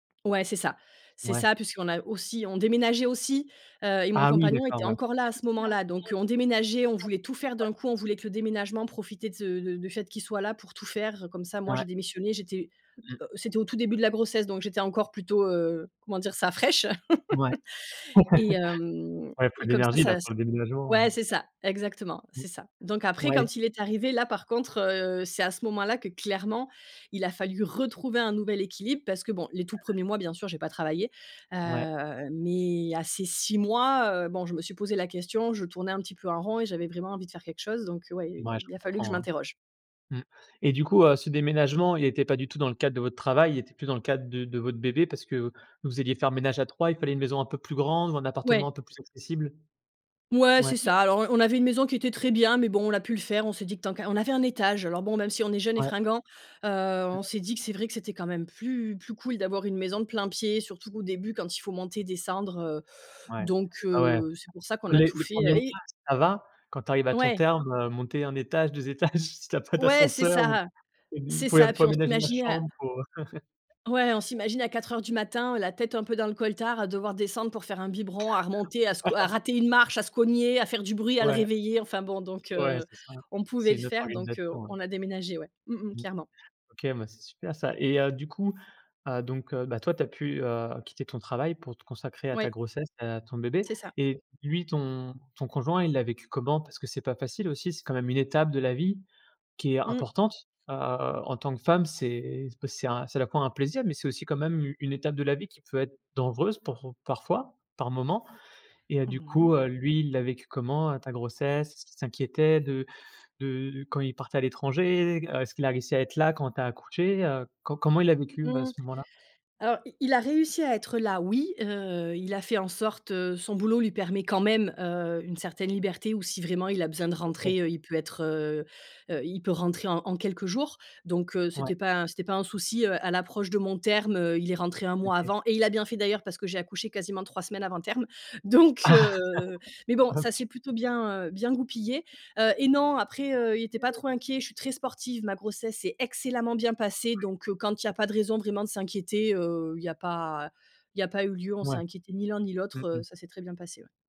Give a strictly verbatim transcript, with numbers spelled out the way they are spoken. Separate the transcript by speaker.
Speaker 1: Ouais, c'est ça. C'est
Speaker 2: Ouais.
Speaker 1: ça, puisqu'on a aussi on déménageait aussi, heu, et mon
Speaker 2: Ah oui,
Speaker 1: compagnon
Speaker 2: d'accord,
Speaker 1: était
Speaker 2: ouais.
Speaker 1: encore là à ce moment-là, donc heu, on déménageait, on voulait tout faire d'un coup. On voulait que le déménagement, profiter de s de de du fait qu'il soit là pour tout faire. Comme ça, moi,
Speaker 2: Ouais.
Speaker 1: j'ai démissionné j'étais,
Speaker 2: Mmh
Speaker 1: heu, c'était
Speaker 2: mh.
Speaker 1: au tout début de la grossesse, donc j'étais encore plutôt, heu, comment dire ça? Fraiche!
Speaker 2: Ouais,
Speaker 1: Et hem,
Speaker 2: ouais, faut
Speaker 1: et et
Speaker 2: de
Speaker 1: comme ça,
Speaker 2: l'énergie là,
Speaker 1: ça c
Speaker 2: pour le déménagement, heu,
Speaker 1: ouais, c'est ça, exactement,
Speaker 2: mmh.
Speaker 1: c'est ça, donc après,
Speaker 2: Ouais.
Speaker 1: quand il est arrivé, là, par contre, heu, c'est à ce moment-là que clairement, il a fallu retrouver un nouvel équilibre parce que bon les tout premiers mois, bien sûr j'ai pas travaillé,
Speaker 2: Ouais.
Speaker 1: heu, mais à ces six mois, heu, bon je me suis posé la question je tournais un petit peu en rond et j'avais vraiment envie de faire quelque chose donc ouais, il
Speaker 2: Mouais je
Speaker 1: il a fallu que je
Speaker 2: comprends, hein.
Speaker 1: m'interroge.
Speaker 2: Mmh, et du coup, heu, ce déménagement il était pas du tout dans le cadre de votre travail, il était plus dans le cadre de de votre bébé parce que vous alliez faire ménage à trois, il fallait une maison un peu plus grande ou un appartement un
Speaker 1: Ouais.
Speaker 2: peu plus accessible?
Speaker 1: Ouais,
Speaker 2: Ouais.
Speaker 1: c'est ça, alors on on avait une maison qui était très bien mais bon, on a pu le faire, on s'est dit que tant qu'on on avait un étage. Alors bon, même si on est jeune et
Speaker 2: Ouais.
Speaker 1: fringuant, heu, on s'est dit que c'est vrai que c'était quand même plus plus cool d'avoir une maison de plein pied, surtout au début, quand il faut monter, descendre, heu,
Speaker 2: Ouais.
Speaker 1: donc
Speaker 2: Ah ouais.
Speaker 1: heu, c'est pour ça qu'on a
Speaker 2: Les
Speaker 1: tout
Speaker 2: les
Speaker 1: fait,
Speaker 2: premiers mois,
Speaker 1: et
Speaker 2: ça va. Quand tu arrives à ton
Speaker 1: Ouais.
Speaker 2: terme, heu, monter un étage, deux étages, si tu as pas
Speaker 1: Ouais, c'est
Speaker 2: d'ascenseur ou
Speaker 1: ça,
Speaker 2: [unintelligible] vous
Speaker 1: c'est
Speaker 2: pouv
Speaker 1: ça.
Speaker 2: pouvez
Speaker 1: Puis on
Speaker 2: aménager la
Speaker 1: s'imaginait à
Speaker 2: chambre pour, heu
Speaker 1: ouais on s'imagine à quatre heures du matin, la tête un peu dans le coltar, à devoir descendre pour faire un biberon, à remonter, à sco à rater une marche, à se cogner, à faire du bruit, à le
Speaker 2: Ouais,
Speaker 1: réveiller. Enfin bon, donc
Speaker 2: ouais,
Speaker 1: heu,
Speaker 2: c'est ça.
Speaker 1: on pouvait
Speaker 2: C'est
Speaker 1: le
Speaker 2: une autre
Speaker 1: faire, donc heu,
Speaker 2: organisation, ouais.
Speaker 1: on a déménagé, ouais, mmh mh,
Speaker 2: Mmh.
Speaker 1: clairement.
Speaker 2: OK, bah, c'est super ça, et heu, du coup, heu, donc heu, bah, toi tu as pu, heu, quitter ton travail pour te consacrer à ta
Speaker 1: Oui.
Speaker 2: grossesse, heu, à ton bébé,
Speaker 1: C'est ça.
Speaker 2: et lui ton ton conjoint il l'a vécu comment? Parce que c'est pas facile aussi, c'est quand même une étape de la vie qui est
Speaker 1: Mmh.
Speaker 2: importante, heu, en tant que femme c'est, ben c'est un, c'est à la fois un plaisir mais c'est aussi quand même u une étape de la vie qui peut être dangereuse pour parfois, par moments, et heu, du
Speaker 1: Mmh mh.
Speaker 2: coup, heu, lui il l'a vécu comment, heu, ta grossesse? Est-ce qu'il s'inquiétait de de quand il partait à l'étranger? Heu, est-ce qu'il a réussi à être là quand tu as accouché? Heu, co comment il l'a vécu ouais
Speaker 1: Mmh,
Speaker 2: ce moment-là?
Speaker 1: alors, i il a réussi à être là, oui, heu, il a fait en sorte, heu, son boulot lui permet quand même, heu, une certaine liberté ou si vraiment il a besoin de
Speaker 2: OK.
Speaker 1: rentrer, heu, il peut être, heu heu, il peut rentrer en en quelques jours, donc heu,
Speaker 2: Ouais.
Speaker 1: c'était pas un c'était pas un souci, heu, à l'approche de mon terme, heu, il est rentré un mois
Speaker 2: OK.
Speaker 1: avant et il a bien fait d'ailleurs parce que j'ai accouché quasiment trois semaines avant terme. Donc heu, mais
Speaker 2: Oh
Speaker 1: bon,
Speaker 2: le p
Speaker 1: ça
Speaker 2: t
Speaker 1: s'est plutôt bien, heu, bien goupillé, heu, et non, après, heu, il était pas
Speaker 2: [unintelligible]
Speaker 1: trop inquiet. Je suis très sportive, ma grossesse s'est excellemment bien passée, donc heu, quand il y a pas de raison vraiment de s'inquiéter, heu, il y a pas il y a pas eu lieu. On s'est
Speaker 2: Mouais.
Speaker 1: inquiété ni l'un ni
Speaker 2: Mmh
Speaker 1: l'autre, heu,
Speaker 2: mh.
Speaker 1: ça s'est très bien passé, ouais.